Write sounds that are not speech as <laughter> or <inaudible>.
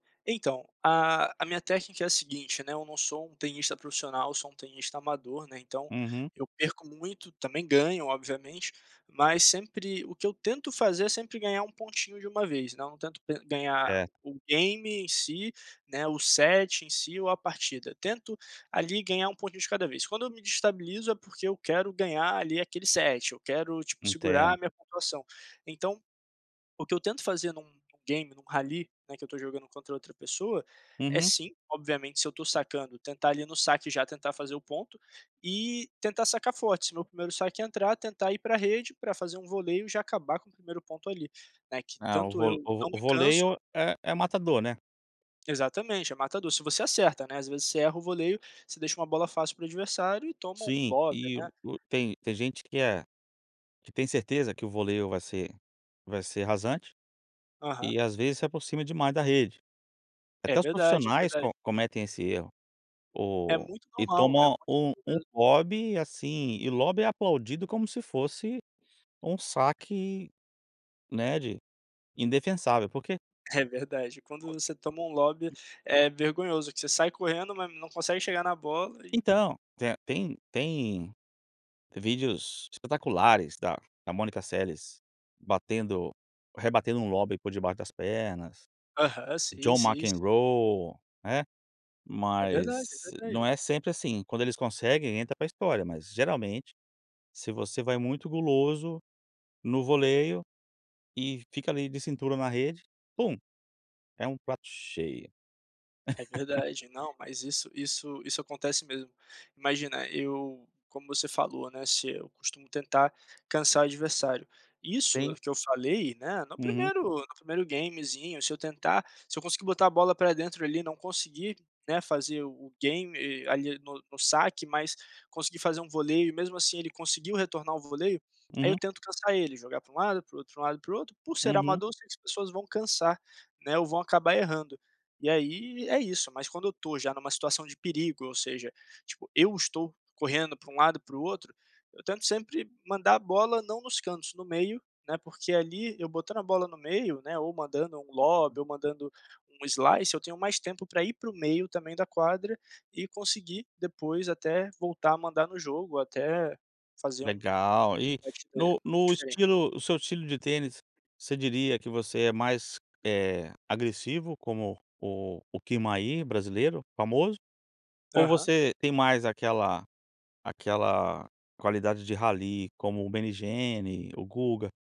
Então, a a minha técnica é a seguinte, né, eu não sou um tenista profissional, sou um tenista amador, né, então, Uhum. eu perco muito, também ganho obviamente, mas sempre o que eu tento fazer é sempre ganhar um pontinho de uma vez, né, não tento ganhar Certo. o game em si, né, o set em si ou a partida. Tento ali ganhar um pontinho de cada vez. Quando eu me desestabilizo é porque eu quero ganhar ali aquele set, eu quero, tipo, segurar a Entendo. minha pontuação, então, o que eu tento fazer em um game, em um rally, né, que eu estou jogando contra outra pessoa, é Uhum. sim, obviamente se eu estou sacando tentar ali no saque já tentar fazer o ponto, e tentar sacar forte, se meu 1º saque entrar, tentar ir para rede para fazer um voleio e já acabar com o 1º ponto ali, né, que É, o tanto vo eu vo não o me canso voleio é é matador, né. Exatamente, é matador, se você acerta, né, às vezes você erra o voleio, você deixa uma bola fácil para o adversário e toma um Sim, lobby, e né. o tem tem gente que é que tem certeza que o voleio vai ser vai ser rasante, Aham. e às vezes se aproxima demais da rede. É Até os verdade, é profissionais verdade. co cometem esse erro. É O muito e normal, é toma muito um normal um mesmo. lobby, assim e o lobby é aplaudido como se fosse um saque, né, de indefensável, por quê É verdade, quando você toma um lobby <unintelligible> é vergonhoso que você sai correndo, mas não consegue chegar na bola e Então, tem tem tem vídeos espetaculares da da Mônica Sales batendo, rebatendo um lobby por debaixo das pernas. Aham, sim, John sim, sim. McEnroe, né, É verdade, é mas não verdade. é sempre assim, quando eles conseguem entra para história, mas geralmente, se você vai muito guloso, no voleio, e fica ali de cintura na rede, pum, é um prato cheio. É verdade, não <laughs> mas isso isso isso acontece mesmo. Imagina, eu como você falou, né, se eu costumo tentar cansar o adversário. Isso Sim. que eu falei, né, no Uhum. 1º no 1º gamezinho se eu tentar se eu conseguir botar a bola para dentro ali e não conseguir, né, fazer o-o game ali no no saque, mas conseguir fazer um voleio e mesmo assim ele conseguiu retornar o voleio, aí eu Uhum. tento cansar ele, jogar para um lado, para o outro lado e para o outro, por ser Uhum. amador sei que as pessoas vão cansar, né, ou vão acabar errando e aí é isso, mas quando eu estou já em uma situação de perigo ou seja, tipo eu estou correndo para um lado e para o outro, eu tento sempre mandar a bola não nos cantos, no meio, né, porque ali, eu botando a bola no meio, né, ou mandando um lobby <unintelligible> ou mandando um slice, eu tenho mais tempo para ir para o meio também da quadra, e conseguir depois até voltar a mandar no jogo, até fazer um Legal, e no <unintelligible> no diferente. estilo o seu estilo de tênis, você diria que você é mais, eh, agressivo como o o Kirmayr brasileiro famoso, ou Aham. você tem mais aquela aquela qualidade de Rally como o Meligeni, o Guga.